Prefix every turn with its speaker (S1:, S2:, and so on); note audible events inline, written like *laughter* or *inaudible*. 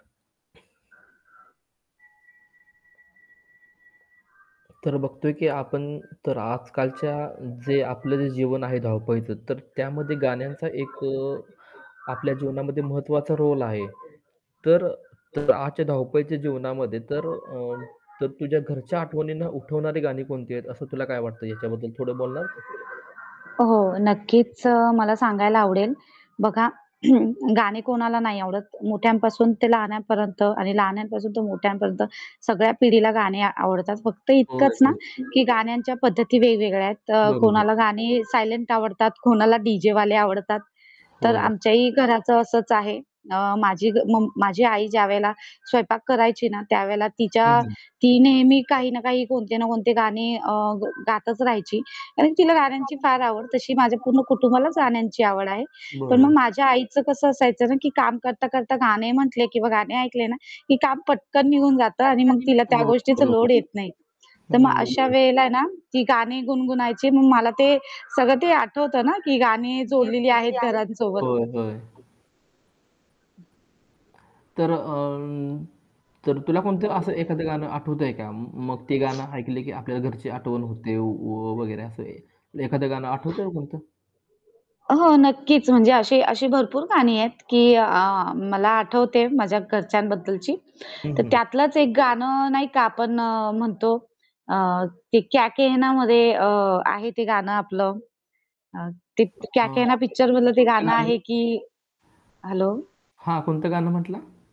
S1: तर बघतोय की आपण, तर आजकालच्या जे आपलं जे जीवन आहे धावपळीचं, तर त्यामध्ये गाण्यांचा एक अ, आपल्या जीवनामध्ये महत्त्वाचा रोल आहे. तर तर आजच्या धावपळीच्या जीवनामध्ये तर अ, तर तुझ्या घरच्या आठवणींना उठवणारी गाणी कोणती आहेत. असं तुला काय वाटतं याच्याबद्दल, थोडं बोलणार?
S2: हो,
S1: *unintelligible*
S2: नक्कीच. अ, मला सांगायला आवडेल. बघा *clears throat* गाणे कोणाला नाही आवडत. मोठ्यांपासून ते लहानापर्यंत आणि लहानांपासून ते मोठ्यांपर्यंत सगळ्या पिढीला गाणे आवडतात. फक्त
S1: हो,
S2: इतकंच ना,
S1: एकदमच.
S2: की गाण्यांच्या पद्धती वेगवेगळ्या आहेत. अ,
S1: बरोबर.
S2: कोणाला गाणी सायलेंट आवडतात, कोणाला डी-जेवाले आवडतात. तर
S1: होय.
S2: आमच्याही घराचं असंच आहे. अ, माझी मम माझी आई ज्यावेळेला स्वयंपाक करायची ना, त्यावेळेला
S1: हं,
S2: तिच्या
S1: हं.
S2: ती नेहमी काही ना काही, कोणते ना कोणते गाणे अ, गातच राहायची आणि तिला गाण्यांची फार आवड. तशी माझ्या पूर्ण कुटुंबालाच गाण्यांची आवड आहे. पण मग
S1: बरोबर.
S2: माझ्या आईचं कसं असायचं ना, की काम करता-करता गाणे म्हटले किंवा गाणे ऐकले ना, की काम पटकन निघून जातं आणि मग तिला त्या
S1: हो,
S2: गोष्टीचा
S1: बरोबर.
S2: लोड येत नाही. तर मग
S1: हं,
S2: अशा
S1: बरोबर.
S2: वेळेला आहे ना, ती गाणी गुणगुणायची. मग मला ते, सगळं ते आठवतं ना, की गाणी
S1: होय,
S2: जोडलेली आहेत घरांसोबत.
S1: होय. तर अ, तर तुला कोणतं असं एखादं गाणं आठवतंय का? म मग ते गाणं ऐकलं की आपल्या घरची आठवण होते व वगैरे असंय. एखादं गाणं आठवतंय कोणतं?
S2: अ, हो, नक्कीच. म्हणजे अशी अशी भरपूर गाणी आहेत की अ, मला आठवते माझ्या घरच्यांबद्दलची,
S1: हं,
S2: तर
S1: हं.
S2: त्यातलंच एक गाणं नाही का? आपण अ, म्हणतो अ, ते क्या केहनामध्ये अ, आहे ते गाणं आपलं. ते क्या
S1: अ,
S2: केहना पिक्चर मधलं ते
S1: कोणतं
S2: गाणं
S1: गाणं?
S2: आहे की. हेल्लो!
S1: हां. कोणतं गाणं म्हटला?